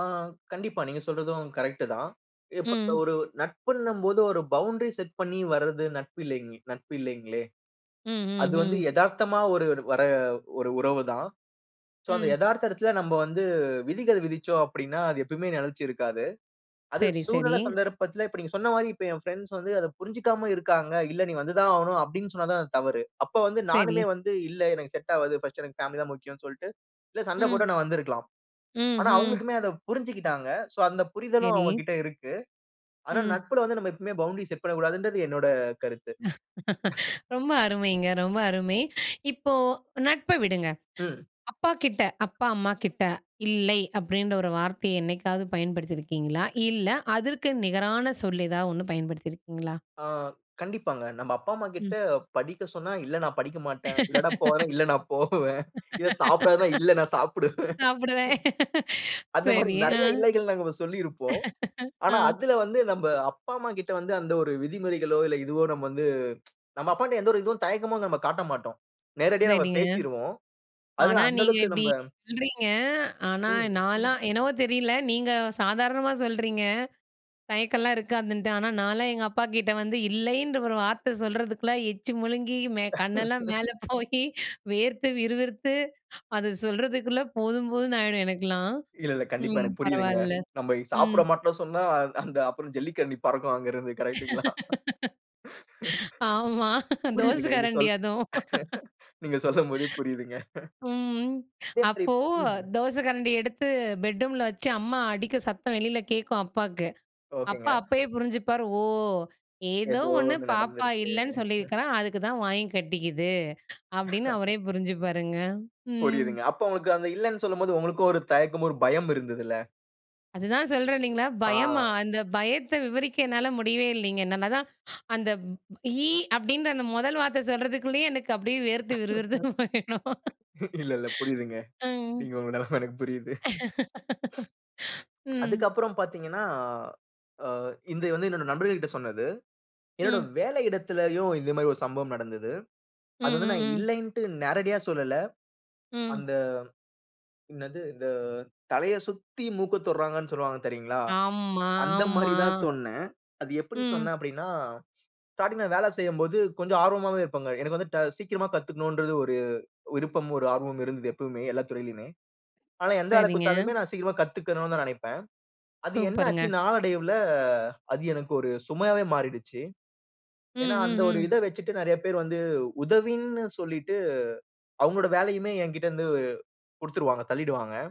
ஆ கண்டிப்பா. நீங்க சொல்றதும் கரெக்ட்டு தான். இப்ப க ம். ஒரு நட்புன்னும் போது, ஒரு பவுண்டரி செட் பண்ணி வர்றது நட்பு இல்லேங் நட்பு இல்லேங்களே. ம். ஹ்ம். அது வந்து ஹ்ம். எதார்த்தமா ஒருரு வர்ற ஒரு உறவு தான். சோ அந்த ம். எதார்த்த இடத்துல நம்ப வந்து விதிகள் விதிச்சோம் அப்படீன்னா, அது எப்பவுமே நெலைச்சு இருக்காது. அது சரி, சரி. சூழ்நில சந்தர்ப்பத்துல, இப்ப நீங்க சொன்ன மாரி இப்ப என் ஃபிரெண்ட்ஸ் வந்து அத புரிஞ்சுக்காம இருக்காங்க. "இல்ல, நீ வந்து தான் ஆகணும்." அப்படீன்னு சொன்னா தான் அது தவறு. அப்ப வந்து சரி. நானுமே வந்து இல்ல, எனக்கு செட் ஆவாது. 1ஸ்ட் எனக்கு பேமிலி தான் முக்கியம்ன்னு சொல்லிட்டு இல்ல சண்ட ம். போட்டு நான் வந்துருக்கலாம். ம். ஆனா, ஹ்ம். அவங்களுக்குமே அத புரிஞ்சிக்கிட்டாங்க. சோ அந்த புரிதலும் அவங்க சரி. கிட்ட இருக்கு. ஆனா, ம். நட்புல வந்து நம்ம எப்பவுமே பவுண்டரி செட் பண்ணக்கூடாதுங்குறது என்னோட கருத்து. ரொம்ப அருமைங்க, ரொம்ப அருமை! இப்போ நட்ப விடுங்க. ம். அப்பா கிட்ட அப்பா, அம்மா கிட்ட, "இல்லை" அப்படீன்ற 1 வார்த்தைய என்னைக்காவது பயன்படுத்தி இருக்கீங்களா? இல்ல, அதற்கு நிகரான சொல் எதாவது 1 பயன்படுத்தி இருக்கீங்களா? ஆ கண்டிப்பாங்க. நம்ப அப்பா, அம்மா ம். கிட்ட படிக்க சொன்னா, "இல்ல, நான் படிக்க மாட்டேன். இல்லன்னா போறேன், இல்ல நான் போவேன்." இத சாப்பிடாதன்னா, "இல்ல நான் சாப்பிடுவேன்." சாப்பிடுறேன். அந்த மாரி சரி, அ. நெறைய "இல்லைகள்" நம்ப சொல்லியிருப்போம். அ. ஆனா, அதுல வந்து நம்ப அப்பா, அம்மா கிட்ட வந்து அந்த ஒரு விதிமுறைகளோ, இல்ல இதுவோ நம்ப வந்து நம்ப அப்பாட்ட எந்த ஒரு இதுவும், தயக்கமோ நம்ப காட்ட மாட்டோம். நேரடியா நம்ம சரிங்க. பேசிருவோம். ஆனா, அதுல அந்த நீங்க அளவுக்கு இப்படி நம்ப சொல்றீங்க. ஆனா, ம். நான்லாம் என்னவோ தெரியல நீங்க சாதாரணமா சொல்றீங்க. தயக்கம்லாம் இருக்காதுன்ட்டு. ஆனா, நான்லாம் எங்க அப்பாகிட்ட வந்து, இல்லைன்ற 1 வார்த்தை சொல்றதுக்குள்ள, எச்சு முழுங்கி, மே கண்ணெல்லாம் மேல போயி, வேர்த்து, விறுவிறுத்து, அத சொல்றதுக்குள்ள போதும் போதுன்னு ஆயிடும் எனக்கெல்லாம். இல்ல, இல்ல. கண்டிப்பா ம், எனக்கு புரியுதுங்க. பரவால்ல. நம்ப இ ம். சாப்பிட மாட்டோம்ன்னு சொன்னா, அ அந்த அப்பறம் ஜல்லிக்கரண்டி பறக்கும் அங்க இருந்து கரெக்ட்டுங்களா? ஆமா, தோச புரியுதுங்க. நீங்க கரண்டி சொல் அதுவும். நீங்க சொல்லும் போதே, புரியுதுங்க. ம். அப்பே புரியுது. அப்போ [unintelligible] தோச கரண்டி எடுத்து பெட்ரூம்ல வச்சு அம்மா அடிக்க, சத்தம் வெளியில கேட்கும் அப்பாக்கு. அப்பா, ஓகேங்க. அப்பவே புரிஞ்சுப்பார். "ஓ! ஏதோ எதோ ஒண்ணு 1 நடந்து பாப்பா இருக்கு! இல்லன்னு சொல்லிருக்கறா, அதுக்கு தான் வாங்கி கட்டிக்கிது." அப்படீன்னு அவரே புரிஞ்சுப்பாருங்க. ம். புரியுதுங்க. அப்ப உங்களுக்கு அந்த இல்லைன்னு சொல்லும்போது, உங்களுக்கும் ஒரு தயக்கமும், ஒரு பயம் இருந்ததுல்ல. அதுதான் சொல்றேன் இல்லைங்களா, பயமா? ஆ. அந்த பயத்த விவரிக்க என்னால முடியவே இல்லைங்க. நா நான் அதான் ஹா அந்த "இ" அப்படீன்ற அந்த 1 வார்த்தை சொல்றதுக்குள்ளேயே எனக்கு அப்படியே வேர்த்து விறு விறுத்து போயிடும். இல்ல, இல்ல புரியுதுங்க. ம். நீங்க உங்க நிலமை எனக்கு புரியுது. ம். அதுக்கப்புறம் பாத்தீங்கன்னா, அ இது வந்து என்னோட நண்பர்கள்ட்ட சொன்னது. என்னோட ம். வேலையிடத்துலேயும் இந்த மாதிரி ஒரு சம்பவம் நடந்தது. ம். அது வந்து நான் ம். ம். இல்லைன்ட்டு, நேரடியா சொல்லல. ம். அந்த என்னது? இந்த தலைய சுத்தி மூக்க தொடுறாங்கன்னு சொல்லுவாங்க தெரியுங்களா? ஆமா, அந்த ஆமா. மாரி தான் சொன்னேன். அது எப்படி ம். சொன்னேன்? அப்படீன்னா, ஸ்டார்டிங்ல வேலை செய்யும்போது கொஞ்சம் ஆர்வமாவே இருப்பேன்ங்க. எனக்கு வந்து ட சீக்கிரமா கத்துக்கணும்ன்றது ஒரு விருப்பமும், ஒரு ஆர்வமும் இருந்தது எப்பவுமே, எல்லா துறையிலயுமே. ஆனா, எந்த வேலை சரிங்க. குடுத்தாலுமே நான் சீக்கிரமா கத்துக்கணும் தான் நெனைப்பேன். அது என்ன ஆச்சு? சூப்பருங்க. நாளடைவுல அது எனக்கு ஒரு சுமையாவே மாறிடுச்சு. ம். ஏன்னா, அந்த ம். ஒரு ம். இத வச்சிட்டு நெறைய பேர் வந்து உதவின்னு சொல்லிட்டு, அவங்களோட வேலையுமே என்கிட்ட வந்து குடுத்துருவாங்க, தள்ளீடுவாங்க.